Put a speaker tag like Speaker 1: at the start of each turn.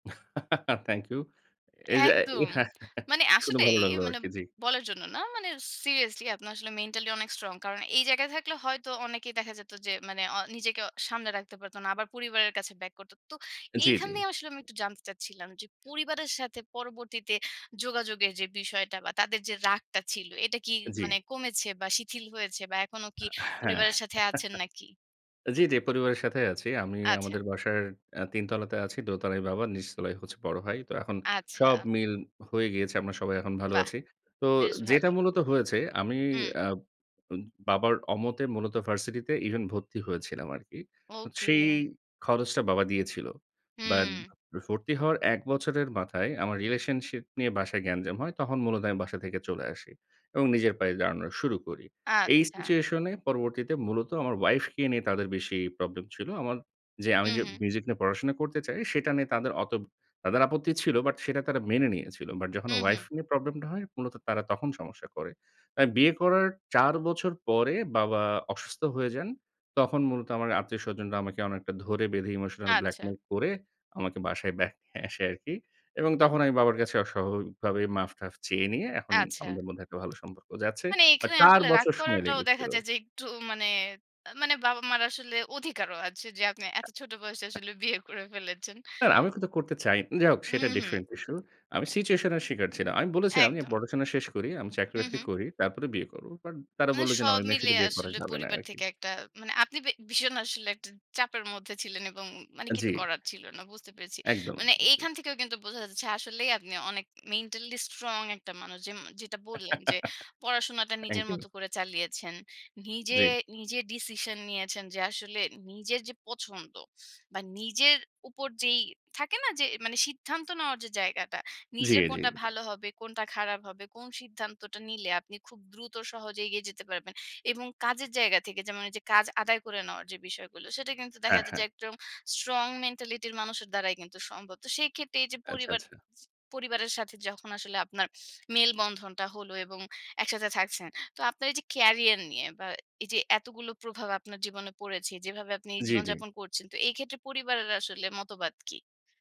Speaker 1: Thank you. এ এইযে এ
Speaker 2: একদম। মানে
Speaker 1: শুনে ভালো
Speaker 2: আসলেই
Speaker 1: লাগলো
Speaker 2: মানে
Speaker 1: আরকি। জি।
Speaker 2: বলার জন্য না মানে seriously আপনি আসলে mentally অনেক strong। কারণ এই জায়গায় থাকলে হয়তো অনেকেই দেখা যেত যে মানে আ নিজেকে অ সামলে রাখতে পারতো না। আবার পরিবারের কাছে back করতো। তো
Speaker 1: জি, জি।
Speaker 2: এইখানে আসলে আমি একটু জানতে চাচ্ছিলাম যে পরিবারের সাথে পরবর্তীতে যোগাযোগের যে বিষয়টা বা তাদের যে রাগটা ছিল, এটা কি
Speaker 1: জি।
Speaker 2: মানে কমেছে বা শিথিল হয়েছে বা এখনো
Speaker 1: আ হ্যাঁ।
Speaker 2: কি পরিবারের সাথে আছেন নাকি?
Speaker 1: জি, জি, পরিবারের সাথেই আছি। আমি
Speaker 2: আচ্ছা।
Speaker 1: আমাদের বাসার আ ৩ তলাতে আছি। দোতলায় বাবা, নিচতলায় হচ্ছে বড় ভাই। তো এখন সব
Speaker 2: আচ্ছা।
Speaker 1: মিল হয়ে গিয়েছে। আমরা সবাই এখন ভালো
Speaker 2: বাহ!
Speaker 1: আছি। তো
Speaker 2: বেশ
Speaker 1: যেটা
Speaker 2: ভালো।
Speaker 1: মূলত হয়েছে আমি
Speaker 2: হুম।
Speaker 1: আ উম বাবার অমতে মূলত ভার্সিটিতে even ভর্তি হয়েছিলাম আরকি। সেই
Speaker 2: ওকে।
Speaker 1: খরচটা বাবা দিয়েছিল। বাট
Speaker 2: হুম।
Speaker 1: ভর্তি হওয়ার ১ বছরের মাথায় আমার relationship নিয়ে বাসায় গ্যাঞ্জাম হয়। তখন মূলত আমি বাসা থেকে চলে আসি। এবং নিজের পায়ে দাঁড়ানো শুরু করি। এই
Speaker 2: আচ্ছা।
Speaker 1: situation এ পরবর্তীতে মূলত আমার ওয়াইফকে নিয়ে তাদের বেশি প্রবলেম ছিল। আমার যে আমি
Speaker 2: হুম,
Speaker 1: যে
Speaker 2: হুম।
Speaker 1: মিউজিক নিয়ে পড়াশোনা করতে চাই সেটা নিয়ে তাদের অত তাদের আপত্তি ছিল। বাট সেটা তারা মেনে নিয়েছিল। বাট যখন
Speaker 2: হুম, হুম।
Speaker 1: ওয়াইফ নিয়ে প্রবলেমটা হয় মূলত তারা তখন সমস্যা করে। আর বিয়ে করার ৪ বছর পরে বাবা অসুস্থ হয়ে যান। তখন মূলত আমার আত্মীয়স্বজনরা আমাকে অনেকটা ধরে বেঁধে emotional
Speaker 2: আচ্ছা।
Speaker 1: blackmail করে আমাকে বাসায় back নিয়ে আসে আরকি। এবং তখন আমি বাবার কাছে অ স্বাভাবিকভাবে মাফ-টাফ চেয়ে নিয়ে এখন
Speaker 2: আচ্ছা।
Speaker 1: আমাদের মধ্যে একটা ভালো সম্পর্ক যাচ্ছে।
Speaker 2: মানে
Speaker 1: বাট
Speaker 2: এখানে
Speaker 1: ৪
Speaker 2: আসলে রাগ
Speaker 1: বছর সময়
Speaker 2: করাটাও দেখা
Speaker 1: লেগেছিল।
Speaker 2: যায় যে একটু মানে আ মানে বাবা-মার আসলে অধিকারও আছে। যে আপনি এত ছোট বয়সে আসলে বিয়ে করে ফেলেছেন।
Speaker 1: না, না, আমিও কিন্তু করতে চাই যাই হোক,
Speaker 2: হুম,
Speaker 1: সেটা
Speaker 2: হুম।
Speaker 1: different issue। আমি situation এর শিকার ছিলাম। আমি বলেছিলাম যে, "আমি
Speaker 2: একদম।
Speaker 1: পড়াশোনা শেষ করি, আমি
Speaker 2: হুম,
Speaker 1: চাকরি-বাকরি
Speaker 2: হুম।
Speaker 1: করি। তারপরে বিয়ে করবো।" বাট তারা
Speaker 2: মানে
Speaker 1: বললো যে, "না, ঐ
Speaker 2: সব
Speaker 1: মেয়ের
Speaker 2: মিলে
Speaker 1: সাথে বিয়ে করা
Speaker 2: আসলে
Speaker 1: যাবে না।" এই
Speaker 2: পরিবার
Speaker 1: আরকি।
Speaker 2: থেকে একটা মানে আপনি বে ভীষণ আসলে একটা চাপের মধ্যে ছিলেন এবং উম মানে
Speaker 1: আ জি।
Speaker 2: কিছু করার ছিল না। বুঝতে পেরেছি।
Speaker 1: একদম,
Speaker 2: মানে
Speaker 1: একদম। জি।
Speaker 2: এইখান থেকেও কিন্তু বোঝা যাচ্ছে আসলেই আপনি অনেক mentally strong একটা মানুষ যেম যেটা বললেন যে পড়াশোনাটা নিজের
Speaker 1: থ্যাংক ইউ।
Speaker 2: মতো করে চালিয়েছেন। নিজে
Speaker 1: জি।
Speaker 2: নিজে decision নিয়েছেন যে আসলে নিজের যে পছন্দ বা নিজের উপর যেই থাকে না, যে মানে সিদ্ধান্ত নেওয়ার যে জায়গাটা,
Speaker 1: জি,
Speaker 2: নিজের
Speaker 1: জি,
Speaker 2: কোনটা
Speaker 1: জি।
Speaker 2: ভালো হবে, কোনটা খারাপ হবে, কোন সিদ্ধান্তটা নিলে আপনি খুব দ্রুত সহজে এগিয়ে যেতে পারবেন। এবং কাজের জায়গা থেকে যেমন ঐযে কাজ আদায় করে নেওয়ার যে বিষয়গুলো সেটা কিন্তু দেখা
Speaker 1: হ্যাঁ,
Speaker 2: যায়
Speaker 1: হ্যাঁ।
Speaker 2: যে একদম strong mentality-র মানুষের দ্বারাই কিন্তু সম্ভব। তো সেক্ষেত্রে এইযে
Speaker 1: আচ্ছা,
Speaker 2: পরিবার
Speaker 1: আচ্ছা।
Speaker 2: ছি পরিবারের সাথে যখন আসলে আপনার মেলবন্ধনটা হলো এবং একসাথে থাকছেন। তো আপনার এইযে career নিয়ে বা এইযে এতগুলো প্রভাব আপনার জীবনে পড়েছে, যেভাবে আপনি
Speaker 1: জি, জি।
Speaker 2: জীবনযাপন করছেন। তো এইক্ষেত্রে পরিবারের আসলে মতবাদ কি?